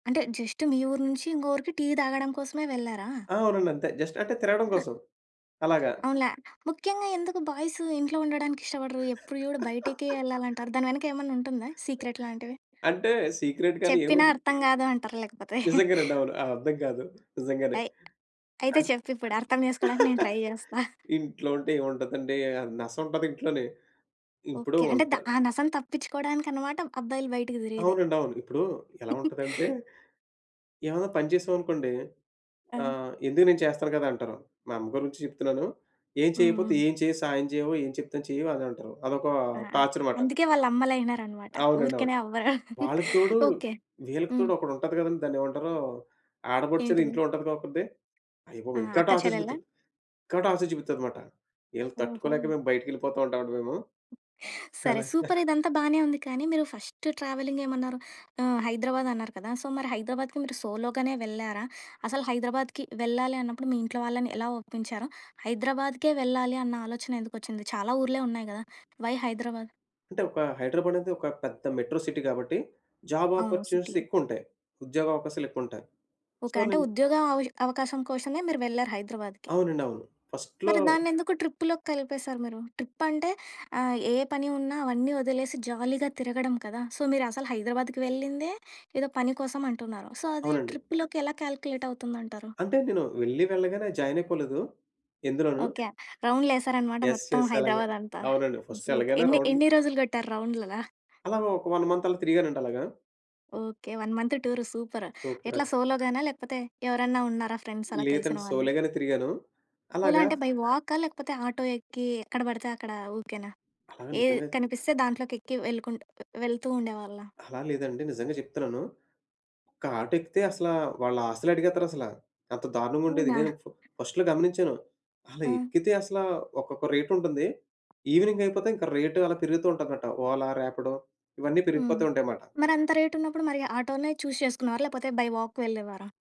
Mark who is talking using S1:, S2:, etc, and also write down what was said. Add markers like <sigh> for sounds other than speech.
S1: అంటే జస్ట్ మీ ఊరు నుంచి, ఇంకో ఊరికి టీ తాగడం కోసమే వెళ్లారా?
S2: ఆ! అవునండి అంతే, జస్ట్ అంటే తిరగడం కోసం అలాగా.
S1: అవునులే. ముఖ్యంగా ఎందుకు బాయ్సు ఇంట్లో ఉండడానికి ఇష్టపడరు. ఎప్పుడు చూడు బయటకే యెళ్ళాలి
S2: <laughs>
S1: అంటారు. దాని వెనక ఏమైనా ఉంటుందా సీక్రెట్ లాంటివి?
S2: అంటే, సీక్రెట్ గాని
S1: చెప్పినా
S2: ఏముంది?
S1: అర్థం కాదు అంటారా లేకపోతే. <laughs>
S2: నిజంగానండి, అవును. అ అర్థం కాదు నిజంగానే.
S1: అయ్! అయితే
S2: అన్
S1: చెప్పు ఇప్పుడు, అర్థం చేసుకోవడానికి నేను ట్రై
S2: <laughs>
S1: జేచేస్తా. <chuckles>
S2: ఇంట్లో ఉంటే ఏముంటదండి? నసుంటది ఇంట్లోని. ఇప్పుడు
S1: ఓకే. అంటే ద
S2: ఉంటా
S1: ఆ నసని తప్పిచ్చుకోవడానికన్నమాట అబ్బాయిలు బయటకు తిరిగేది.
S2: అవునండి, అవును. ఇప్పుడు ఎలా
S1: <laughs>
S2: ఉంటదంటే, ఏమన్నా పని చేసాం అనుకోండి
S1: ఆ!
S2: ఆహ్, ఎందుకు నేను చేస్తాను గదా! అంటారు. మా అమ్మ గురించి చెప్తున్నాను. ఏం
S1: హ్మ్.
S2: చేయకపోతే
S1: హ్మ్.
S2: ఏం చేయ్ సాయం చెయ్యవు, ఏం చెప్తే చెయ్యవు అని అంటారు. అదొక
S1: ఆ!
S2: టార్చర్ మాట.
S1: అందుకే వాళ్ళ అమ్మలైనారన్నమాట
S2: అవునండి, అవును.
S1: ఊరికేనే అవ్వరు.
S2: వాళ్ళకి తోడు
S1: <laughs> ఓకే.
S2: వీళ్ళకి తోడు ఒకటుంటది గదండి! దాన్నేమంటారు? ఆడపడుచని
S1: ఏంటిది?
S2: ఇంట్లో ఉంటదిగా ఒకత్తి.
S1: ఆ!
S2: అయ్యబాబోయ్! ఇంకా
S1: అక్క
S2: టార్చర్
S1: చెల్లెళ్ళా?
S2: చుపిస్తది, ఇంకా టార్చర్ చుపిస్తది మాట. ఈళ్ళని తట్టుకోలేక
S1: ఓహో!
S2: మేము బయటికెళ్ళిపోతా ఉంటామండి మేము.
S1: సరే
S2: అలా <chuckles>
S1: సూపర్! ఇదంతా బాగానే ఉంది కానీ, మీరు ఫస్ట్ ట్రావెలింగ్ ఏమన్నారు ఆహ్, హైదరాబాద్ అన్నారు కదా! సో మరి హైదరాబాద్‌కి మీరు సోలోగానే వెళ్లారా? అసలు హైదరాబాద్‌కి వెళ్ళాలి అన్నప్పుడు మీ ఇంట్లో వాళ్ళని ఎలా ఒప్పించారు? హైదరాబాద్‌కే వెళ్ళాలి అన్న ఆలోచన ఎందుకొచ్చింది చాలా ఊర్లే ఉన్నాయి గదా! వై హైదరాబాద్?
S2: అంటే ఒక హైదరాబాద్ అనేది ఒక పెద్ద మెట్రో సిటీ కాబట్టి జాబ్
S1: అవును.
S2: Opportunities
S1: city.
S2: ఎక్కువ ఉంటాయి. ఉద్యోగ అవకాశాలు ఎక్కువ ఉంటాయి. So
S1: okay. అంటే
S2: నేను
S1: ఉద్యోగ అవ అవకాశం కోశమే మీరు వెళ్లారు హైదరాబాద్‌కి.
S2: అవునండి, అవును. ఫస్ట్‌లో
S1: మరి దాన్నెందుకు ట్రిప్‌లోకి కలిపేసారు మీరు? ట్రిప్ అంటే ఆహ్, ఏ పని ఉన్నా అవన్నీ వదిలేసి జాలీగా తిరగడం కదా! సో మీరు అసలు హైదరాబాద్‌కి వెళ్ళిందే ఏదో పని కోసం అంటున్నారు. సో అది
S2: అవునండి.
S1: ట్రిప్‌లోకి ఎలా కాలిక్యులేట్ అవుతుందంటారు.
S2: అంటే నేను వెళ్లి వెళ్ళగానే జాయిన్ అయిపోలేదు, ఎందులోనూ.
S1: ఓకే .రౌండ్లేసారన్నమాట
S2: యెస్!
S1: మొత్తం
S2: యెస్! అలాగే
S1: హైదరాబాద్ అంతా.
S2: అవునండి. First
S1: super!
S2: ఎలాగైనా
S1: ఎన్ని
S2: రౌండ్లు
S1: ఎన్ని రోజులు కొట్టారు రౌండ్లలా?
S2: అలాగా ఒక 1 మంత్ అలా తిరిగానండి అలాగా.
S1: Okay. 1 month tour super!
S2: Super!
S1: ఎట్లా
S2: క్
S1: సోలో‌గాన, లేకపోతే ఎవరన్నా ఉన్నారా ఫ్రెండ్స్ అలా తెలిసిన
S2: లేదంటే
S1: వాళ్ళు?
S2: సోలేగానే తిరిగాను.
S1: సోలో
S2: అలాగా
S1: అంటే బై వాకా లేకపోతే ఆటో ఎక్కి ఎక్కడ పడితే అక్కడ ఊరికేనా,
S2: అలాగ
S1: ఏ
S2: నిజంగాది.
S1: కనిపిస్తే దాంట్లోకి ఎక్కి వెళ్ళకుంటు వెళ్తూ ఉండేవాళ్ళా?
S2: అలా లేదండి నిజంగా చెప్తున్నాను. ఒక ఆటో ఎక్కితే అసలా వాళ్ళ ఆస్తులు అడిగేత్తారసలా, అంత దారుణంగా ఉండేది.
S1: అవునా?
S2: నేను ఫస్ట్‌లో గమనించాను. అలా
S1: ఆ!
S2: ఎక్కితే అసలా ఒక్కొక్క రేట్ ఉంటుంది. ఈవినింగ్ అయిపోతే ఇంకా రేట్ అలా పెరుగుతూ ఉంటుందట. ఓలా, రాపిడో ఇవన్నీ
S1: హ్మ్.
S2: పెరిగిపోతూ ఉంటాయి మాట.
S1: మరంత రేట్ ఉన్నప్పుడు మరీ ఆటోనే చూస్ చేసుకునేవారా, లేకపోతే బై వాక్ వెళ్ళేవారా?